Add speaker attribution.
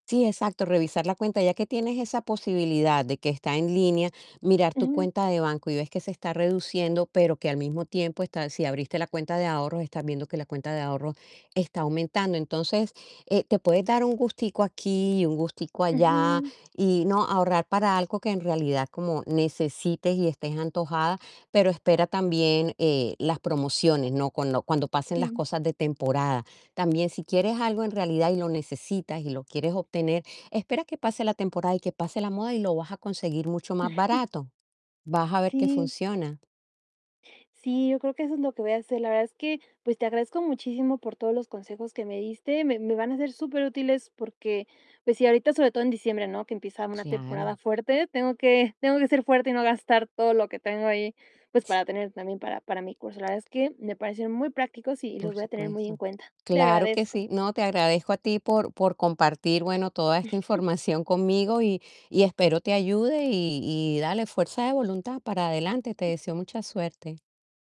Speaker 1: Sí, exacto, revisar la cuenta, ya que tienes esa posibilidad de que está en línea, mirar tu
Speaker 2: Ujú.
Speaker 1: cuenta de banco y ves que se está reduciendo, pero que al mismo tiempo está si abriste la cuenta de ahorros, estás viendo que la cuenta de ahorros está aumentando, entonces, eh, te puedes dar un gustico aquí y un gustico allá
Speaker 2: Ujú.
Speaker 1: y no ahorrar para algo que en realidad como necesites y estés antojada, pero espera también, eh, las promociones, ¿no? Con lo cuando pasen las
Speaker 2: Sí.
Speaker 1: cosas de temporada. También si quieres algo en realidad, y lo necesitas, y lo quieres obtener, espera que pase la temporada y que pase la moda y lo vas a conseguir mucho más barato. Vas a ver que
Speaker 2: Sí.
Speaker 1: funciona.
Speaker 2: Sí, yo creo que eso es lo que voy a hacer. La verdad es que, pues, te agradezco muchísimo por todos los consejos que me diste, me me van a ser superútiles porque, pues sí, ahorita, sobre todo en diciembre, ¿no? Que empieza una temporada
Speaker 1: Claro.
Speaker 2: fuerte, tengo que tengo que ser fuerte y no gastar todo lo que tengo ahí, pues,
Speaker 1: Sí
Speaker 2: para tener también para para mi curso, la verdad es que me parecieron muy prácticos y los
Speaker 1: Por
Speaker 2: voy a tener muy en
Speaker 1: supuesto.
Speaker 2: cuenta. Te
Speaker 1: Claro que
Speaker 2: agradezco.
Speaker 1: sí. No, te agradezco a ti por por compartir bueno, toda esta información conmigo y y espero te ayude y y dale fuerza de voluntad para adelante. Te deseo mucha suerte.